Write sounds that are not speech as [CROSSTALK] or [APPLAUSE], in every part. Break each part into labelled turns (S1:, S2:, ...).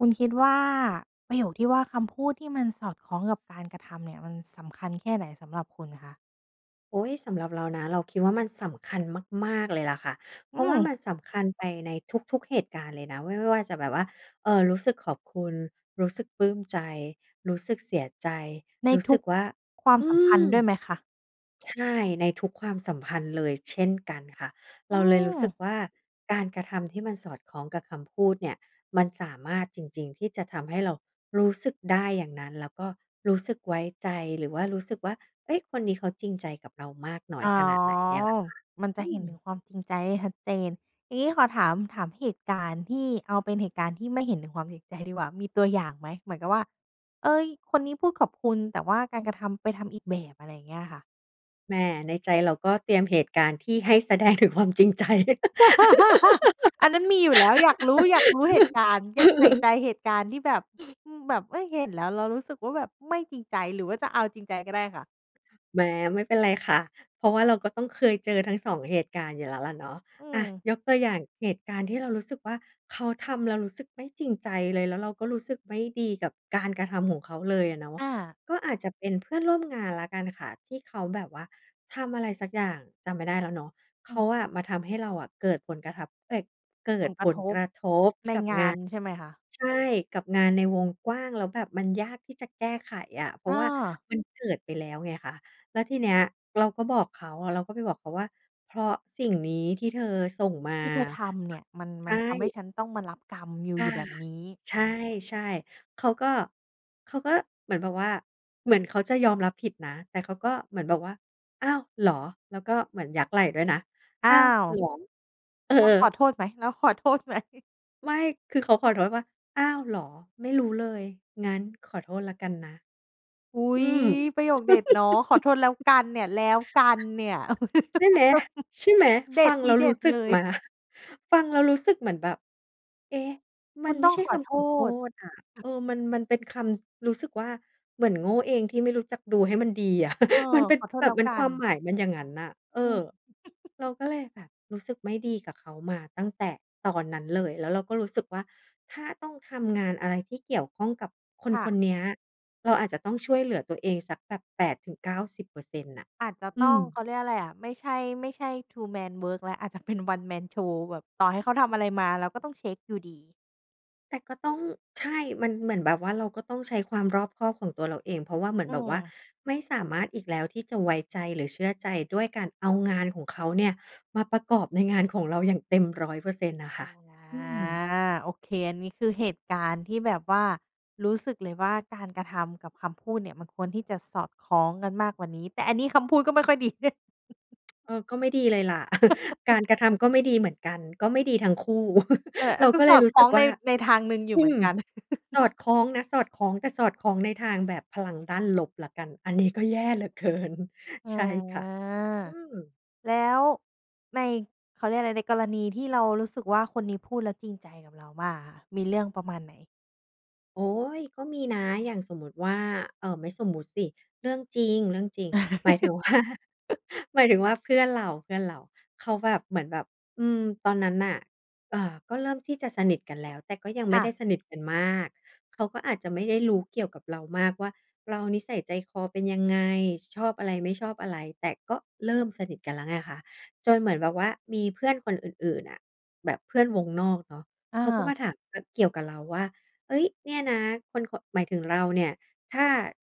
S1: คุณคิดว่า ประโยคที่ว่า คำพูดที่มันสอดคล้องกับการกระทำเนี่ยมันสำคัญแค่ไหนสำหรับคุณคะ?
S2: โอ๊ย สำหรับเรานะ เราคิดว่ามันสำคัญมาก ๆ เลยล่ะค่ะ เ
S1: อ
S2: พ
S1: ื
S2: ราะว่า
S1: ม
S2: มันสำคัญไปในทุก ๆ เหตุการณ์เลยนะ ไม่ว่าจะแบบว่า เออ รู้สึกขอบคุณ รู้สึกปลื้มใจ รู้สึกเสียใจ
S1: ใน
S2: รู้
S1: ท
S2: ส
S1: ุ
S2: ึก
S1: ก
S2: ว่า
S1: ความ
S2: อื
S1: สัมพันธ
S2: ม!
S1: ์ด้วยไหมคะ?
S2: ใช่ ในทุกความสัมพันธ์เลยเช่นกันค่ะ
S1: อ
S2: เ
S1: ื
S2: ราเลยรู้สึก
S1: ม!
S2: ว่า การกระทำที่มันสอดคล้องกับคำพูดเนี่ย มันสามารถจริง ๆ ที่จะทำให้เรารู้สึกได้อย่างนั้น แล้วก็รู้สึกไว้ใจ หรือว่ารู้สึกว่า เอ๊ย คนนี้เขาจริงใจกับเรามากน้อ
S1: อ๋
S2: ย
S1: อ
S2: ขนาดไหนเนี่ยล่ะค่ะ
S1: มันจ
S2: อ
S1: ะ
S2: ื
S1: เห็นถึ
S2: ม!
S1: งความจริงใจได้ชัดเจน อย่างงี้ขอถาม ถามเหตุการณ์ที่ เอาเป็นเหตุการณ์ที่ไม่เห็นถึงความจริงใจดีกว่า มีตัวอย่างไหม เหมือนกับว่า "เอ๊ย คนนี้พูดขอบคุณ แต่ว่าการกระทำไปทำอีกแบบ" อะไรอย่างเงี้ยค่ะ?
S2: แหม ในใจเราก็เตรียมเหตุการณ์ที่ให้แสดงถึงความจริง ใจ
S1: [LAUGHS] อันนั้นมีอยู่แล้ว อยากรู้ อยากรู้เหตุการณ์ เก็บใส่ใ
S2: [LAUGHS]
S1: จเหตุการณ์ที่แบบ อืม แบบ เอ๊ย เห็นแล้วเรารู้สึกว่าแบบไม่จริงใจ หรือว่าจะเอาจริงใจก็ได้ค่ะ
S2: แหม ไม่เป็นไรค่ะ เพราะว่าเราก็ต้องเคยเจอทั้ง 2 เหตุการณ์อยู่แล้วล่ะเนาะ
S1: อื
S2: อา
S1: ม
S2: ยกตัวอย่างเหตุการณ์ที่เรารู้สึกว่า เขาทำแล้วรู้สึกไม่จริงใจเลย แล้วเราก็รู้สึกไม่ดีกับการกระทำของเขาเลยอะเนาะ
S1: อา
S2: ก็อาจจะเป็นเพื่อนร่วมงานแล้วกันค่ะ ที่เขาแบบว่าทำอะไรสักอย่าง จำไม่ได้แล้วเนาะ เข
S1: อ
S2: า
S1: ืม
S2: อะมาทำให้เราอะ เกิดผลกระทับ เอ๊ย เกิ
S1: ผ
S2: ด
S1: ลก
S2: ผ
S1: ระ
S2: ล
S1: ทบ ในงาน
S2: กร
S1: ใช
S2: ะท
S1: ่
S2: บก
S1: ไหม
S2: ับงา
S1: คะ?
S2: น ใช่ กับงานในวงกว้าง แล้วแบบมันยากที่จะแก้ไขอะ เพรา
S1: อ
S2: ะว่า
S1: า
S2: มันเกิดไปแล้วไงคะ แล้วทีเนี้ยเราก็บอกเขา เราก็ไปบอกเขาว่า "เพราะสิ่งนี้ที่เธอส่งมา"
S1: ที่เธอทำเ
S2: ป
S1: นี่ย มัน
S2: ใช
S1: มัน
S2: ่
S1: ทำให้ฉันต้องมารับกรรมอยู่
S2: อา
S1: อยู่แบบนี้
S2: ใช่ ๆ เขาก็ เขาก็เหมือนแบบว่า เหมือนเขาจะยอมรับผิดนะ แต่เขาก็เหมือนแบบว่า "อ้าว เหรอ?" แล้วก็เหมือนยักไหล่ด้วยนะ
S1: อ้
S2: "อ
S1: า
S2: ้าว
S1: ว
S2: เหรอ?" เออ
S1: แล้วขอโทษไหม แล้วขอโทษ ไหม?
S2: ไม่ คือเขาขอโทษว่า "อ้าวเหรอ? ไม่รู้เลย งั้นขอโทษแล้วกันนะ"
S1: อุ๊
S2: อ
S1: ย
S2: ืม
S1: ประโยคเด็ดเนาะ "ขอโทษแล้ว
S2: [LAUGHS]
S1: กัน" เนี่ย แล้วกันเนี่ย [LAUGHS]
S2: ใช่ไหม!
S1: เด็ด ทีเด็ดเ
S2: ใช่ไหม! ฟังแล้วรู้สึก
S1: ล
S2: ม
S1: ย
S2: า ฟังแล้วรู้สึกเหมือนแบบ เอ๊ะ ม
S1: ค
S2: ั
S1: ุ
S2: น
S1: ณ
S2: ไม
S1: ต
S2: ่
S1: ้อง
S2: ใช่
S1: ข
S2: ค
S1: อโท
S2: ำขอโท
S1: ษ
S2: ษอะ เออ มัน มันเป็นคำ รู้สึกว่า เหมือนโง่เองที่ไม่รู้จักดูให้มันดีอะ
S1: เออ
S2: [CHUCKLES] มันเป็น
S1: ขอโทษ
S2: แบ
S1: แล
S2: บ
S1: ้ว
S2: เป็น
S1: ก
S2: ค
S1: ั
S2: ว
S1: น
S2: ามหมายมันอย่างงั้นน่ะ เอ
S1: อื
S2: อ
S1: ม
S2: เรา
S1: [CHUCKLES]
S2: ก็เลยแบบ รู้สึกไม่ดีกับเขามาตั้งแต่ตอนนั้นเลย แล้วเราก็รู้สึกว่า ถ้าต้องทำงานอะไรที่เกี่ยวข้องกับคน
S1: ค่
S2: คน
S1: ะ
S2: เนี้ย เราอาจจะต้องช่วยเหลือตัวเองสักแบบ 80-90% น่ะ
S1: อาจจะ
S2: อ
S1: ต
S2: ื
S1: ้อง
S2: ม
S1: เขาเรียกอะไรอะ ไม่ใช่ ไม่ใช่ two-man work แล้ว อาจจะเป็น one-man show แบบต่อให้เขาทำอะไรมา เราก็ต้องเช็กอยู่ดี
S2: แต่ก็ต้อง ใช่ มันเหมือนแบบว่าเราก็ต้องใช้ความรอบคอบของตัวเราเอง เพราะว่าเหมือน
S1: อื
S2: แบบว่า
S1: ม
S2: ไม่สามารถอีกแล้วที่จะไว้ใจหรือเชื่อใจ ด้วยการเอางานของเขาเนี่ยมาประกอบในงานของเราอย่างเต็ม 100% น่ะ
S1: อ
S2: ค่
S1: า
S2: ะ อืม
S1: โอเค อันนี้คือเหตุการณ์ที่แบบว่ารู้สึกเลยว่า การกระทำกับคำพูดเนี่ยมันควรที่จะสอดคล้องกันมากกว่านี้ แต่อันนี้คำพูดก็ไม่ค่อยดี เด่
S2: เออ ก็ไม่ดีเลยล่ะ [CHUCKLES] กา
S1: [CHUCKLES]
S2: รกระทำก็ไม่ดีเหมือนกัน ก็ไม่ดีทั้งคู่
S1: เออ
S2: [CHUCKLES] เ
S1: อ
S2: ร
S1: า
S2: า
S1: ก็
S2: ก็เล
S1: ส
S2: ย
S1: อด
S2: รู้
S1: คล
S2: ส
S1: ้
S2: ึ
S1: อ
S2: ก
S1: ง
S2: ว
S1: ใน
S2: ่า
S1: ในทางหนึ่งอยู
S2: อ
S1: ่เ
S2: ื
S1: หมือ
S2: ม
S1: นกัน
S2: ส
S1: [CHUCKLES]
S2: อดคล้องนะ สอดคล้อง แต่สอดคล้องในทางแบบพลังด้านลบแล้วกัน อันนี้ก็แย่เหลือ เกิน
S1: อา
S2: ใช่ ค่ะ อืม
S1: แล้วใน เขาเรียกว่าอะไร ในกรณีที่เรารู้สึกว่า คนนี้พูดแล้วจริงใจกับเรามากอะค่ะ มีเรื่องประมาณไหน?
S2: โอ๊ย ก็มีนะ อย่างสมมุติว่า เอ่อ ไม่สมมุติสิ เรื่องจริง ๆ หมายถึง ว่า
S1: [CHUCKLES]
S2: หมายถึงว่าเพื่อนเรา ๆ เขาแบบ เหมือนแบบ อืม ตอนนั้นน่ะ เอ่อ ก็เริ่มที่จะสนิทกันแล้ว แต่ก็ยังไ
S1: ค
S2: ม่
S1: ่
S2: ได้
S1: ะ
S2: สนิทกันมาก เขาก็อาจจะไม่ได้รู้เกี่ยวกับเรามากว่า เรานิสัยใจคอเป็นยังไง ช ชอบอะไรไม่ชอบอะไร แต่ก็เริ่มสนิทกันแล้วไงคะ จนเหมือนแบบว่ามีเพื่อนคนอื่น ๆ อะ แบบเพื่อนวงนอกเนาะ
S1: อ
S2: เขาก็ม
S1: า
S2: าถาม อ เกี่ยวกับเราว่า "เอ๊ย เนี่ยนะ คน ค" หมายถึงเราเนี่ย ถ้า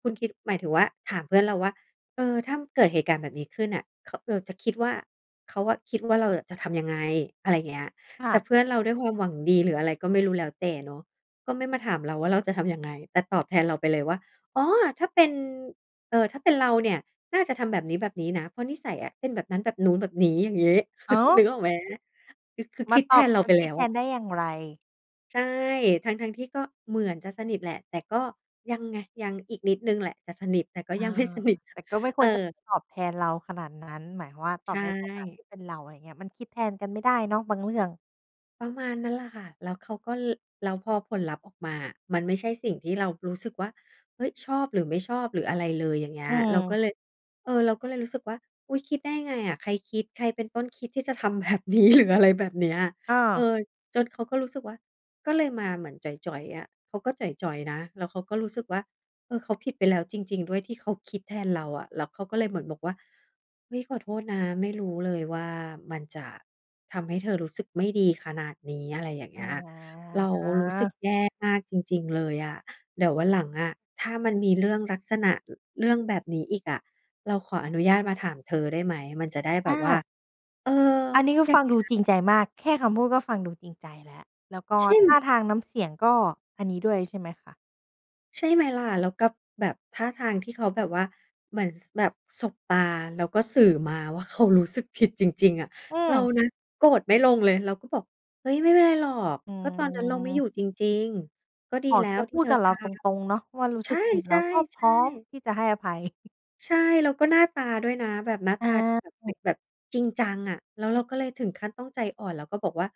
S2: คุณคิด หมายถึงว่าถามเพื่อนเราว่า "เออ ถ้าเกิดเหตุการณ์แบบนี้ขึ้นน่ะ ข เออ จะคิดว่า เขาอะคิดว่าเราอะจะทำยังไง?" อะไรอย่างเงี้ย
S1: ค่
S2: แต่
S1: ะ
S2: เพื่อนเราด้วยความหวังดี หรืออะไรก็ไม่รู้แล้วแต่เนาะ ก็ไม่มาถามเราว่า เราจะทำยังไง แต่ตอบแทนเราไปเลยว่า "อ๋อ ถ้าเป็น เอ่อ ถ้าเป็นเราเนี่ยน่าจะทำแบบนี้ ๆ นะ เพราะนิสัยอะเป็นแบบนั้น แบบนู้น แบบนี้" อย่างงี้
S1: อ้า
S2: [CHUCKLES] นึก
S1: ว!
S2: ออกไหม? คือ คือ
S1: มาตอบ มา
S2: คิดแทนเราไป
S1: ค
S2: แล
S1: ิด
S2: ้ว
S1: แท
S2: อะ
S1: นได้อย่างไร!
S2: ใช่ ทั้ง ๆ ที่ก็เหมือนจะสนิทแหละ แต่ก็ยังไง ยัง อีกนิดหนึ่งแหละจะสนิท แต่ก็
S1: เออ
S2: ยัง ไม่สนิท
S1: แต่ก็ไม่ค
S2: เอ
S1: วรจะ
S2: อ
S1: ตอบแทนเราขนาดนั้น หมายความว่า ต
S2: ใช
S1: อบในฐานะท
S2: ่
S1: ี่เป็นเรา อะไรเงี้ย มันคิดแทนกันไม่ได้เนาะบางเรื่อง
S2: ประมาณนั้นล่ะค่ะ แล้วเขาก็ ล แล้วพอผลลัพธ์ออกมาอะ มันไม่ใช่สิ่งที่เรารู้สึกว่า เฮ้ย ชอบ หรือไม่ชอบ หรืออะไรเลย อย่างเงี้
S1: อื
S2: ย เราก็
S1: ม
S2: เลย เออ เราก็เลยรู้สึกว่า "อุ๊ย คิดได้ไงอะ ใครคิด ใครเป็นต้นคิดที่จะทำ แบบนี้ หรือ อะไรแบบเนี้ย"
S1: อ
S2: เอ
S1: า
S2: อ จนเขาก็รู้สึกว่า ก็เลยมาเหมือนจ๋อย ๆ อะ เขาก็จ๋อย ๆ นะ แล้วเขาก็รู้สึกว่า เออ เขาผิดไปแล้วจริง ๆ ด้วย ที่เขาคิดแทนเราอะ แล้วเขาก็เลยเหมือนบอกว่า "เฮ้ย ขอโทษนะ ไม่รู้เลยว่ามันจะทำให้เธอรู้สึกไม่ดีขนาดนี้" อะไรอย่างเงี้ย "เร
S1: อ
S2: ารู้สึก
S1: า
S2: แย่มากจริง ๆ เลยอะ เดี๋ยววันหลังอะ ถ้ามันมีเรื่องลักษณะ อ เรื่องแบบนี้อีกอะ เราขออนุญาตมาถามเธอได้ไหม? มันจะได้แบ
S1: อ
S2: บว่า"
S1: า
S2: เออ
S1: อันนี้ก็
S2: อย่
S1: ฟ
S2: า
S1: ั
S2: ง
S1: ง
S2: เง
S1: ด
S2: ี
S1: ู
S2: ้ย
S1: จริงใจมาก แค่คำพูดก็ฟังดูจริงใจแล้ว แล้วก็
S2: ใช่ไ
S1: ท
S2: หม?
S1: ่าทางน้ำเสียง ก็อันนี้ด้วยใช่ไหมคะ?
S2: ใช่ไหมล่ะ แล้วกับแบบท่าทางที่เขาแบบว่า เหมือน ส แบบสบตาแล้วก็สื่อมาว่า เขารู้สึกผิดจริง ๆ อะ
S1: อื
S2: เรา
S1: ม
S2: นะโกรธไม่ลงเลย เราก็บอก "เฮ้ย ไม่เป็นไรหรอก
S1: อื
S2: ก็ตอนนั้นเราไม่อ
S1: ม
S2: ยู่จริง ๆ ก็ดี
S1: อ๋อ
S2: แล้
S1: แก
S2: วที
S1: พ
S2: ่
S1: ู
S2: เ
S1: ด
S2: ธอ
S1: กับเ
S2: ท
S1: ราต
S2: ำ"
S1: รง ๆ เนาะว่า รู้
S2: ใช
S1: สึ
S2: ่!
S1: กผิด
S2: ใช
S1: เร
S2: ่
S1: าก็พร้อม
S2: ๆ
S1: ที่จะให้อภัย [CHUCKLES]
S2: ใช่ แล้วก็หน้าตาด้วยนะ แบบหน้า
S1: อ
S2: ต
S1: า
S2: าที่แบบ
S1: อ
S2: เ
S1: ื
S2: ป็
S1: อ
S2: นแบบจริงจังอะ แล้วเราก็เลยถึงขั้นต้องใจอ่อนแล้วก็บอกว่า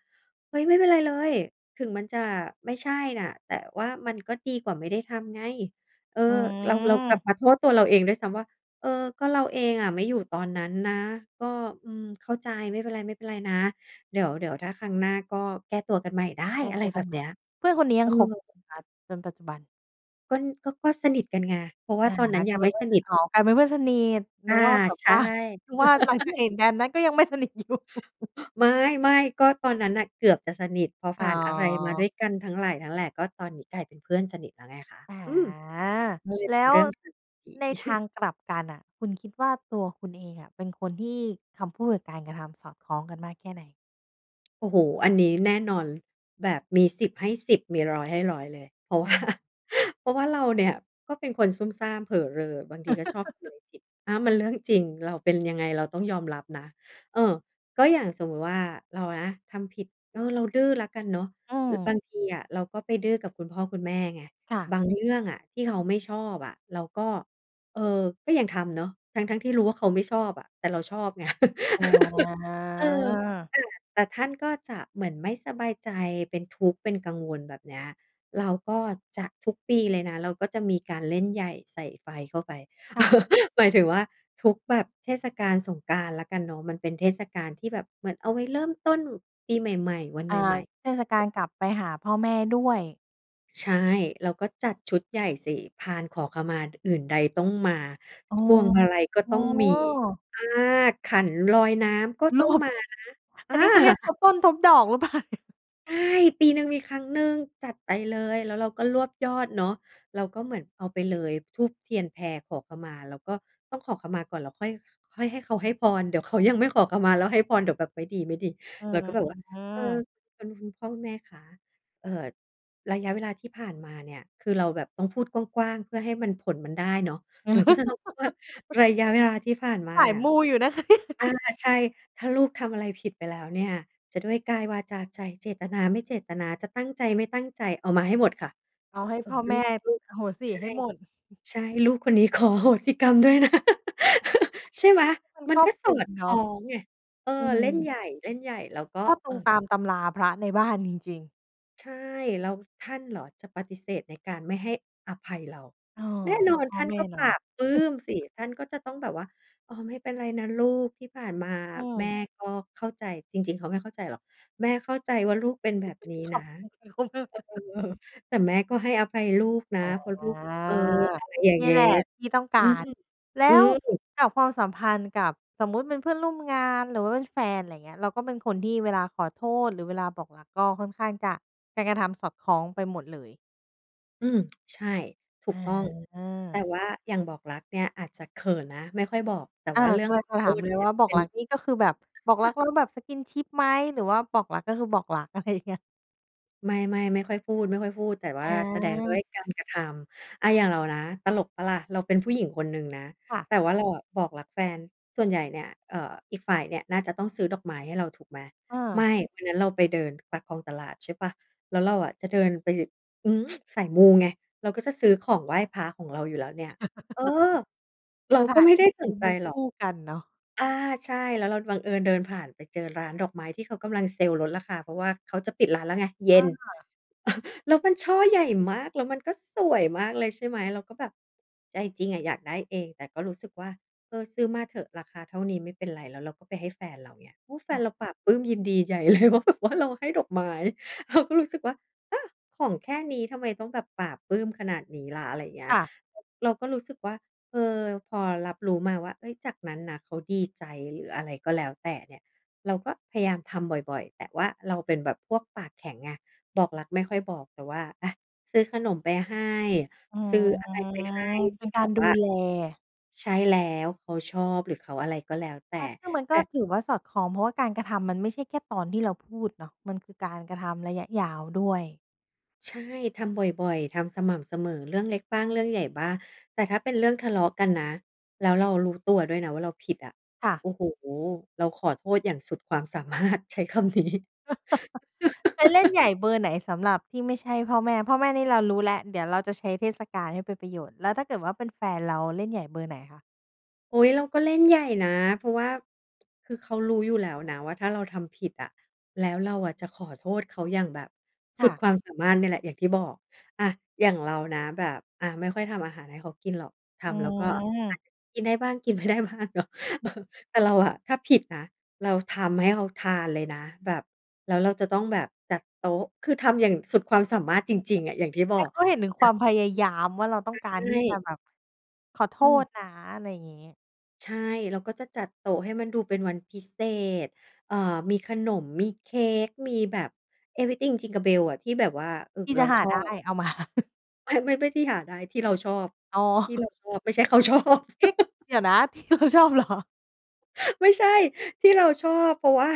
S2: "เฮ้ย ไม่เป็นไรเลย ถึงมันจะไม่ใช่น่ะ แต่ว่ามันก็ดีกว่าไม่ได้ทำไง" เออ
S1: อื
S2: เรา เรากลับ
S1: ม
S2: มาโทษตัวเราเองด้วยซ้ำว่า "เออ ก็เราเองอะไม่อยู่ตอนนั้นนะ ก็ อืม เข้าใจ ไม่เป็นไร ๆ นะ เดี๋ยว เดี๋ยวถ้าครั้งหน้าก็แก้ตัวกันใหม่ได้!"
S1: แก้
S2: อะไ
S1: ต
S2: ร
S1: ัว
S2: แ
S1: ก
S2: บ
S1: ัน
S2: บ
S1: ให
S2: เน
S1: ม
S2: ี
S1: ่
S2: ้ย
S1: เพื่อนคนนี้
S2: เ
S1: ย
S2: อ
S1: ังคบ
S2: อ
S1: มาจนปัจจุบัน
S2: ก็- ก็ ก็สนิทกันไง เพราะว่
S1: อ
S2: า
S1: า
S2: ตอนนั้น
S1: ก
S2: ย
S1: ล
S2: ั
S1: า
S2: ง
S1: ยเ
S2: ไ
S1: ป
S2: ม
S1: ็
S2: ่
S1: นเพื
S2: ส
S1: ่อน
S2: น
S1: กั
S2: ิ
S1: น
S2: ท
S1: อ๋อ กลายเป็นเพื่อนสนิท
S2: อ
S1: น
S2: า
S1: ึกว่าแบบ
S2: ใช่
S1: ว่า นึกว่าหลังจากเ
S2: [LAUGHS]
S1: หตุการณ์นั้นก็ยังไม่สนิท อยู่
S2: ไม่ ๆ ก็ตอนนั้นน่ะ เกือบจะสนิท เพราะ
S1: อ
S2: ผ
S1: ๋
S2: ่านอะไรมาด้
S1: อ
S2: วยกันทั้งหลายทั้งแหล่ ก็ตอนนี้กลายเป็นเพื่อนสนิทแล้วไงคะ
S1: อ่า
S2: อืม! มันเลย
S1: แ
S2: เ
S1: ล
S2: ป็น
S1: ้
S2: เ
S1: ว
S2: รื่องที่ดี
S1: ในทา
S2: [CHUCKLES]
S1: งกลับกันน่ะ คุณคิดว่าตัวคุณเองอะ เป็นคนที่คำพูดกับการกระทำสอดคล้องกันมากแค่ไหน?
S2: โอ้โฮ! อันนี้แน่นอน แบบมี 10 ให้ 10 มี 100 ให้ 100 เลย เพราะ ว
S1: อ
S2: ่า
S1: า
S2: เพราะว่าเราเนี่ยก็เป็นคนซุ่มซ่ามเผอเรอ บางทีก็ชอบท
S1: [CHUCKLES]
S2: ำผิด อา มันเรื่องจริง เรา เป็นยังไง เราต้องยอมรับนะ เออ ก็อย่างสมมุติว่า เรานะทำผิด เออ เราดื้อละกันเนาะ
S1: อื
S2: อือ บ
S1: อ
S2: างทีอะเราก็ไปดื้อกับคุณพ่อคุณแม่ไง
S1: ค่ะ
S2: บาง เรื่องอะที่เขาไม่ชอบอะ เราก็ เออ ก็ยังทำเนาะ ทั้ง ๆ ที่รู้ว่า เขาไม่ชอบอะ แต่เราชอบไง
S1: อ
S2: [LAUGHS] เออ
S1: า
S2: อา แต่ท่านก็จะเหมือนไม่สบายใจ เป็นทุกข์เป็นกังวล แบบเนี้ย เราก็จะ ทุกปีเลยนะ เราก็จะมีการเล่นใหญ่ใส่ไฟเข้าไป
S1: ค่ะ
S2: [CHUCKLES] หมายถึงว่า ทุกแบบเทศกาลสงกรานต์แล้วกันเนาะ มันเป็นเทศกาลที่แบบเหมือนเอาไว้เริ่มต้นปีใหม่ ๆ วันใ
S1: อ่า
S2: หม่
S1: เท
S2: ๆ
S1: ศกาลกลับไปหาพ่อแม่ด้วย
S2: ใช่ เราก็จัดชุดใหญ่สิ พานขอขมา ด อื่นใดต้องมา
S1: อ้อ
S2: พวงมาลัยก็
S1: อ๋
S2: ต้องมี
S1: อ
S2: อา ขันลอยน้ำก็
S1: เห
S2: ต
S1: ร
S2: ้อ
S1: อ!
S2: งมานะ อ
S1: อั
S2: า!
S1: นนี้เขาเรียก ทบต้นทบดอกหรือ เปล่าเนี่ย?
S2: ใช่! ปีหนึ่งมีครั้งหนึ่งจัดไปเลย แล้วเราก็รวบยอดเนาะ เราก็เหมือน เอาไปเลย ธูปเทียนแพขอขมา แล้วก็ต้องขอขมาก่อน แล้วค่อย ค่อยให้เขาให้พร เดี๋ยวเขายังไม่ขอขมาแล้วให้พร เดี๋ยวแบบไม่ดี
S1: อื้
S2: ๆ เรา
S1: อ
S2: ก็แบบว่า
S1: ฮื
S2: "เออ
S1: อ
S2: คน พ่อแม่คะ เอ่อ ระยะเวลาที่ผ่านมาเนี่ย" คือเราแบบต้องพูดกว้าง ๆ เพื่อให้มัน ผลมันได้เนาะ เราก็จะต้องพูดว่า
S1: [LAUGHS]
S2: "ระยะเวลาที่ผ่านมา
S1: สา
S2: เน
S1: ย
S2: ี่ย"
S1: มูอยู่นะคะ เนี่ย
S2: อา ใช่ "ถ้าลูกทำอะไรผิดไปแล้วเนี่ย จะด้วยกายวาจาใจ เจตนา ไม่เจตนา จะตั้งใจ ไม่ตั้งใจ" เอามาให้หมดค่ะ
S1: เอาให้
S2: เอ
S1: พ
S2: อ
S1: ่อ
S2: ล
S1: แม
S2: ู
S1: ่
S2: ก ลูก
S1: อโหสิ
S2: ใช่
S1: ให้หมด
S2: ใช่ "ลูกคนนี้ ขอโหสิกรรมด้วยนะ"
S1: [CHUCKLES]
S2: [LAUGHS] ใช่ไหม
S1: มัน
S2: มั
S1: ค
S2: น
S1: รอ
S2: ก็
S1: บค
S2: ส
S1: ล
S2: อ
S1: ุม
S2: ดค
S1: เนา
S2: ล้อ
S1: ะ
S2: งไง เออ
S1: อื
S2: เล่น
S1: ม
S2: ใหญ่ ๆ แล้วก็
S1: ก็ต
S2: เอ
S1: รง
S2: อ
S1: ตามตำราพระในบ้านจริง ๆ
S2: ใช่ แล้วท่านเหรอจะปฏิเสธในการไม่ให้อภัยเรา
S1: เออ
S2: แน่น
S1: ก
S2: อ
S1: ็
S2: น
S1: พ่
S2: ท
S1: อ
S2: ่าน
S1: แม่
S2: ก็
S1: เ
S2: ป
S1: นา
S2: ล
S1: ะ
S2: าบปลื้
S1: [CHUCKLES]
S2: มสิ ท่านก็จะต้องแบบว่า "อ๋อ ไม่เป็นไรนะลูก ที่ผ่านมา
S1: อื
S2: แม่
S1: ม
S2: ก็เข้าใจ" จริง ๆ เขาไม่เข้าใจหรอก "แม่เข้าใจว่า ลูกเป็นแบบ
S1: [CHUCKLES]
S2: นี้
S1: ข
S2: นะ"
S1: ำ เอ
S2: เอ
S1: อ เขาเลิศจัง
S2: อ
S1: เลย
S2: "แต่แม่ก็ให้อภัยลูกนะ
S1: อา
S2: เพราะลูก" เออ อะไรอย่าง
S1: เนี
S2: เ
S1: ่
S2: ง
S1: ย
S2: ๊
S1: แหละที่ต้องก
S2: อื
S1: าร
S2: ม
S1: แล
S2: อื
S1: ้ว
S2: ม
S1: กับความสัมพันธ์กับ สมมุติเป็นเพื่อนร่วมงาน หรือว่าเป็นแฟน อะไรเงี้ย เราก็เป็นคนที่เวลาขอโทษ หรือเวลาบอกรักก็ค่อนข้างจะ การกระทำสอดคล้องไปหมดเลย
S2: อืม ใช่ ถูกต้อง
S1: อ
S2: แต่
S1: า
S2: ว่าอย่างบอกรักเนี่ย อาจจะเขินนะไม่ค่อยบอก แต่
S1: อา
S2: ว่าเรื่
S1: ก
S2: อง
S1: ำลั
S2: ข
S1: งจ
S2: อ
S1: ะ
S2: โท
S1: ถาม
S2: ษ
S1: เล
S2: เน
S1: ย
S2: ี่
S1: ว
S2: ย
S1: ่า บอ
S2: เต
S1: ก
S2: ็
S1: ร
S2: ม
S1: ักนี่ก็คือแบบ บอกรัก
S2: [CHUCKLES]
S1: แล้วแบบ skinship ไหม? หรือว่าบอกรักก็คือบอกรัก? อะไรเงี้ย
S2: ไม่ ๆ ไม่ค่อยพูด ๆ แต่ว
S1: อ
S2: ่าแสดงด้ว
S1: า
S2: ยการกระทำ อา อย่างเรานะ ตลกเปล่าล่ะ เราเป็นผู้หญิงคนหนึ่งนะ
S1: ค่ะ
S2: แต่ว่าเราอะบอกรักแฟน ส่วนใหญ่เนี่ย เออ อีกฝ่ายเนี่ยน่าจะต้องซื้อดอกไม้ให้เรา ถูกไหม
S1: เ
S2: ไม
S1: ออ
S2: ่ วันนั้นเราไปเดินปากคลองตลาด ใช่เปล่า แล้วเราอะจะเดินไป อืม! [TSK] สายมูไง เราก็จะซื้อของไหว้พระของเราอยู่แล้วเนี่ย เออ!
S1: [CHUCKLES]
S2: เรา
S1: สถ
S2: ก็
S1: าน
S2: ไม่
S1: ท
S2: ไ
S1: ี
S2: ด
S1: ่
S2: ้
S1: ด
S2: ส
S1: ู
S2: นใ
S1: ม
S2: จ
S1: ัน
S2: ห
S1: ค
S2: รอก
S1: ู่กันเนาะ
S2: อา ใช่ แล้วเราบังเอิญเดินผ่านไปเจอร้านดอกไม้ ที่เขากำลังเซลลดราคา เพราะว่าเขาจะปิดร้านแล้วไงเย
S1: เ
S2: ็น
S1: ออ
S2: [CHUCKLES] แล้วมันช่อใหญ่มาก แล้วมันก็สวยมากเลย ใช่ไหม เราก็แบบ ใจจริงอะอยากได้เอง แต่ก็รู้สึกว่า เออ ซื้อมาเถอะ ราคาเท่านี้ไม่เป็นไร แล้วเราก็ไปให้แฟนเรา เงี้ย โอ้ แฟ
S1: อ
S2: น
S1: ืม
S2: เราปลาบปลื้มยินดีใหญ่ เลย ว่าแบบว่า เราให้ดอกไม้ เราก็รู้สึกว่า เออ! ของแค่นี้ทำไมต้องแบบปลาบปลื้มขนาดนี้ล่ะ อะไรอย่างเงี้
S1: ค
S2: ย
S1: ่ะ
S2: อ เราก็รู้สึกว่า เออ พอรับรู้มาว่า เอ๊ย จากนั้นนะเขาดีใจ หรืออะไรก็แล้วแต่เนี่ย เราก็พยายามทำบ่อย ๆ แต่ว่าเราเป็นแบบพวกปากแข็งไง บอกรักไม่ค่อยบอก แต่ว่า อา ซื้อขนมไปให้
S1: อื
S2: ซื
S1: ม
S2: ้ออะไรไปให้ท
S1: เป
S2: ี
S1: ็
S2: ่
S1: น
S2: แ
S1: ก
S2: บ
S1: าร
S2: บ
S1: ด
S2: ว
S1: ู
S2: ่า
S1: แล
S2: ใช่แล้ว เขาชอบ หรือเขาอะไรก็แล้วแต่
S1: อา ซึ่งมัน
S2: แ
S1: ก
S2: ต
S1: ็
S2: ่
S1: ถือว่าสอดคล้อง เพราะว่าการกระทำมันไม่ใช่แค่ตอนที่เราพูดเนาะ มันคือการกระทำระยะยาวด้วย
S2: ใช่ ทำบ่อย ๆ ทำสม่ำเสมอ เรื่องเล็กบ้างเรื่องใหญ่บ้าง แต่ถ้าเป็นเรื่องทะเลาะกันนะ แล้วเรารู้ตัวด้วยนะว่าเราผิดอะ
S1: ค่ะ
S2: โอ้โฮ เราขอโทษอย่างสุดความ สามารถ ใช้คำนี้
S1: [CHUCKLES] ไปเล่น
S2: [LAUGHS]
S1: ใหญ่เบอร์ไหนสำหรับที่ไม่ใช่พ่อแม่ พ่อแม่นี่เรารู้แล้ว เดี๋ยวเราจะใช้เทศกาลให้เป็นประโยชน์ แล้วถ้าเกิดว่าเป็นแฟนเราเล่นใหญ่เบอร์ไหนคะ?
S2: โอ๊ย เราก็เล่นใหญ่นะ เพราะว่า [TSK] คือเขารู้อยู่แล้วนะว่า ถ้าเราทำผิดอะ แล้วเราอะจะขอโทษเขาอย่างแบบส
S1: ค
S2: ุ
S1: ่
S2: ด
S1: ะ
S2: ความสามารถนี่แหละ อย่างที่บอก อา อย่างเรานะแบบ อ่า ไม่ค่อยทำอาหารให้เขากินหรอก ท
S1: อื
S2: ำแล้วก็ อ่
S1: ม
S2: า กินได้บ้าง กิน ไม่ได้บ้างเนาะ เออ
S1: [CHUCKLES]
S2: แต่เราอะถ้าผิดนะ เราทำให้เขาทานเลยนะ แบบ แล้วเราจะต้องแบบจัดโต๊ะ คือทำอย่างสุดความสามารถจริง ๆ อะ อย่างที่บ
S1: ใ
S2: อ
S1: ห้
S2: ก
S1: เขาเห็นถึง
S2: จ
S1: ค
S2: ั
S1: ว
S2: ด
S1: ามพยายามว่า เราต้องกา
S2: ใ
S1: ร
S2: ช
S1: ที่จะ
S2: ่
S1: แบบ ขอโท
S2: อืม
S1: ษนะ อะไรอย่างนี้
S2: ใช่ เราก็จะจัดโต๊ะให้มันดูเป็นวันพิเศษ เอ่อ มีขนม มีเค้ก มีแบบ Everything Jingle Bell อะ ที่แบบว่า เออ
S1: ที่
S2: เร
S1: จ
S2: า
S1: ะหา
S2: ชอ
S1: ได้
S2: บ
S1: เอา มา [CHUCKLES]
S2: ไม่ ไม่ ไม่ที่หาได้ที่เราชอบ
S1: อ๋อ
S2: ที่เร
S1: [CHUCKLES]
S2: าชอบ ไม่ใช่ เขาชอบ
S1: เอ๊ะ!
S2: [LAUGHS]
S1: เดี๋ยวนะ ที่เราชอบเหรอ?
S2: ไม่ใช่ ที่เราชอบ เพราะ ว่า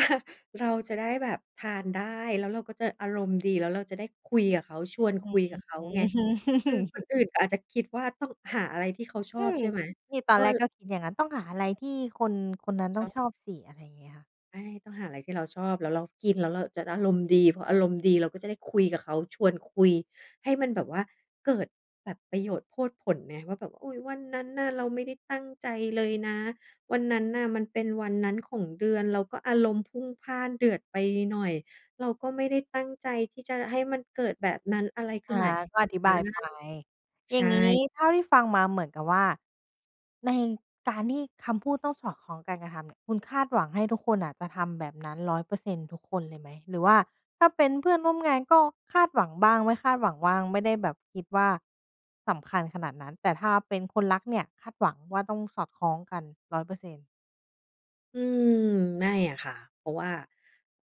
S2: เราจะได้แบบทานได้ แล้วเราก็จะอารมณ์ดี แล้วเราจะได้คุยกับเขา ชวน
S1: อื
S2: คุย
S1: ม
S2: กับเขา
S1: อื้
S2: ไง
S1: อฮื
S2: คือคน
S1: อ
S2: อื่นก็อาจจะคิดว่าต้องหาอะไรที่เขาชอ
S1: อื
S2: บ
S1: ม
S2: ใช่ไหม?
S1: นี่ต
S2: เ
S1: อ
S2: อ
S1: นแรก
S2: อ
S1: ก็คิดอย่างงั้น ต้องหาอะไรที่คนคนนั้นต
S2: ช
S1: ้อ
S2: อ
S1: ง
S2: บ
S1: ชอบสิ อะไรอย่างเงี้ย
S2: ใช่ ต้องหาอะไรที่เราชอบ แล้วเรากิน แล้วเราจะได้อารมณ์ดี พออารมณ์ดีเราก็จะได้คุยกับเขา ชวนคุยให้มันแบบว่าเกิดแบบประโยชน์โพดผลไงว่าแบบ "อุ๊ย วันนั้นน่ะเราไม่ได้ตั้งใจเลยนะ วันนั้นน่ะมันเป็นวันนั้นของเดือน เราก็อารมณ์พุ่งพล่านเดือดไปหน่อย เราก็ไม่ได้ตั้งใจที่จะให้มันเกิดแบบนั้น อะไรขึ
S1: อ
S2: ้ไ
S1: า
S2: หม๊"
S1: ก็อธิ
S2: อ
S1: บ
S2: า
S1: ายไป อ
S2: ใ
S1: ย
S2: ช
S1: ่างนี้
S2: ่
S1: เท่าที่ฟังมาเหมือนกับว่า ในการที่คำพูดต้องสอดคล้องการกระทำเนี่ย คุณคาดหวังให้ทุกคนน่ะจะทำแบบนั้น 100% ทุกคนเลยไหม? หรือว่าถ้าเป็นเพื่อนร่วมงานก็คาดหวังบ้าง ไม่คาดหวังบ้าง ไม่ได้แบบคิดว่า สำคัญขนาดนั้น แต่ถ้าเป็นคนรักเนี่ยคาดหวังว่าต้องสอดคล้องกัน 100%
S2: อืม ไม่อะค่ะ เพราะว่า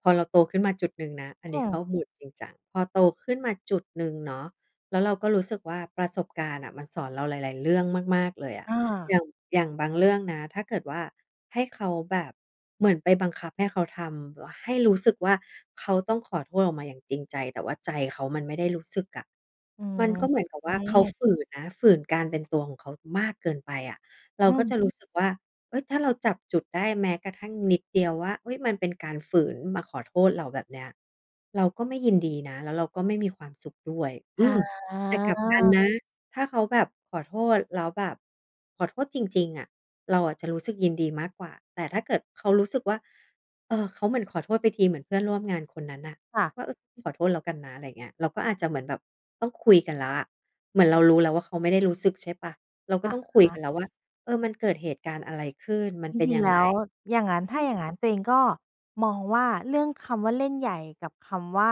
S2: พอเราโตขึ้นมาจุดหนึ่งนะ อันน
S1: อ
S2: ี้
S1: ื
S2: เข้า
S1: ม
S2: mode จริงจัง พอโตขึ้นมาจุดหนึ่งเนาะ แล้วเราก็รู้สึกว่า ประสบการณ์น่ะมันสอนเราหลาย ๆ เรื่องมาก ๆ เลยอะ
S1: อ
S2: อ
S1: า
S2: ย่าง อย่างบางเรื่องนะ ถ้าเกิดว่าให้เขาแบบ เหมือนไปบังคับให้เขาทำ แบบ ให้รู้สึกว่า เขาต้องขอโทษออกมาอย่างจริงใจ แต่ว่าใจเขามันไม่ได้รู้สึกอะ
S1: อื
S2: มันก็เหมือนกับว่าเขา
S1: ม
S2: ฝืนนะ ฝืนการเป็นตัวของเขามากเกินไปอะ เรา
S1: อื
S2: ก็
S1: ม
S2: จะรู้สึกว่า เฮ้ย ถ้าเราจับจุดได้ แม้กระทั่งนิดเดียวว่า เฮ้ย มันเป็นการฝืนมาขอโทษเรา แบบเนี้ย เราก็ไม่ยินดีนะ แล้วเราก็ไม่มีความสุขด้วย อ
S1: อ
S2: ืม แต่กลับกัน
S1: า
S2: นะ ถ้าเขาแบบขอโทษ แล้วแบบขอโทษจริง ๆ อะ เราอะจะรู้สึกยินดีมากกว่า แต่ถ้าเกิดเขารู้สึกว่า เออ เขาเหมือนขอโทษไปที เหมือนเพื่อนร่วมงานคนนั้นน่ะ
S1: ค่ะ
S2: ว่า "เออ ขอโทษแล้วกันนะ" ไรอย่างเงี้ย เราก็อาจจะเหมือนแบบต้องคุยกันแล้วอะ เหมือนเรารู้แล้วว่า เขาไม่ได้รู้สึก ใช่เปล่า เราก
S1: อ
S2: ็
S1: ะ
S2: ต้องค
S1: ฮ
S2: ุยกัน
S1: ะ
S2: แล้วว่า "เออ มันเกิดเหตุการณ์อะไรขึ้น? มัน
S1: จ
S2: เป็น
S1: ริง
S2: ยั
S1: ๆ
S2: ง
S1: แล
S2: ไง?"
S1: ้วอย่างงั้น ถ้
S2: อื
S1: าอย่
S2: ม
S1: างงั้นตัวเองก็มองว่า เรื่องคำว่า เล่นใหญ่ กับคำว่า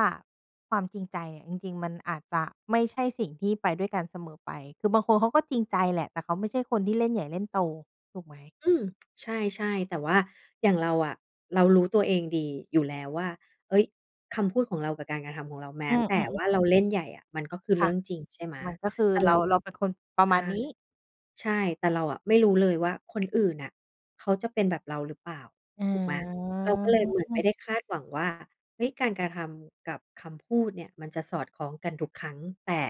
S1: ความจริงใจอะ จริง ๆ มันอาจจะไม่ใช่สิ่งที่ไปด้วยกันเสมอไป คือบางคนเขาก็จริงใจแหละ แต่เขาไม่ใช่คนที่เล่นใหญ่เล่นโต ถูกไหม?
S2: อืม ใช่ ๆ แต่ว่าอย่างเราอะเรารู้ตัวเองดีอยู่แล้วว่า เฮ้ย คำพูดของเรากับการกระทำของเรา แม
S1: อ
S2: ้
S1: ืม
S2: แต่ว
S1: ๆ ๆ
S2: ่าเราเล่นใหญ่อะ มันก็คือเ
S1: ค
S2: รื
S1: ่
S2: ่
S1: ะ
S2: องจริง ใช่ไหม
S1: มันก็คือ
S2: แต่
S1: เ
S2: เร
S1: ร
S2: า
S1: า เราเป็นคนประ
S2: ใช
S1: มาณ
S2: ่
S1: นี้
S2: ใช่ แต่เราอะไม่รู้เลยว่า คนอื่นน่ะเขาจะเป็นแบบเราหรือเปล่า
S1: อ
S2: ถูกไหม เราก็เลยเหมือนไม่
S1: า
S2: ได้คาดหวังว่า เฮ้ย การกระทำกับคำพูดเนี่ยมันจะสอดคล้องกันทุกครั้ง แต่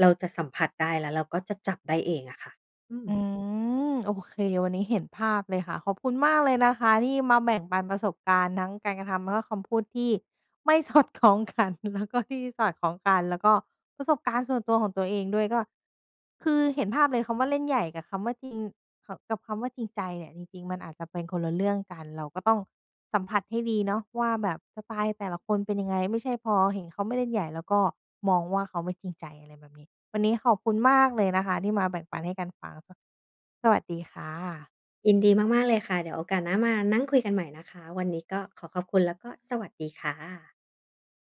S2: เราจะสัมผัสได้ แล้วเราก็จะจับได้เองอะค่ะ อืม
S1: อืม โอเค วันนี้เห็นภาพเลยค่ะ ขอบคุณมากเลยนะคะที่มาแบ่งปันประสบการณ์ ทั้งการกระทำแล้วก็คำพูดที่ไม่ สอดคล้องกัน แล้วก็ ที่สอดคล้องกัน แล้วก็ประสบการณ์ส่วนตัวของตัวเองด้วย ก็ คือเห็นภาพเลยคำว่า เล่นใหญ่ กับคำว่า จริง ค กับคำว่า จริงใจ เนี่ย จริง ๆ มันอาจจะเป็นคนละเรื่องกัน เราก็ต้องสัมผัสให้ดีเนาะว่าแบบ สไตล์แต่ละคนเป็นยังไง ไม่ใช่พอเห็นเขาไม่เล่นใหญ่แล้วก็มองว่าเขาไม่จริงใจ อะไรแบบนี้ วันนี้ขอบคุณมากเลยนะคะที่มาแบ่งปันให้กันฟัง ส สวัสดีค่ะ
S2: ยินดีมาก ๆ เลยค่ะ เดี๋ยวโอกาสหน้ามานั่งคุยกันใหม่นะคะ วันนี้ก็ขอขอบคุณ แล้วก็สวัสดีค่ะ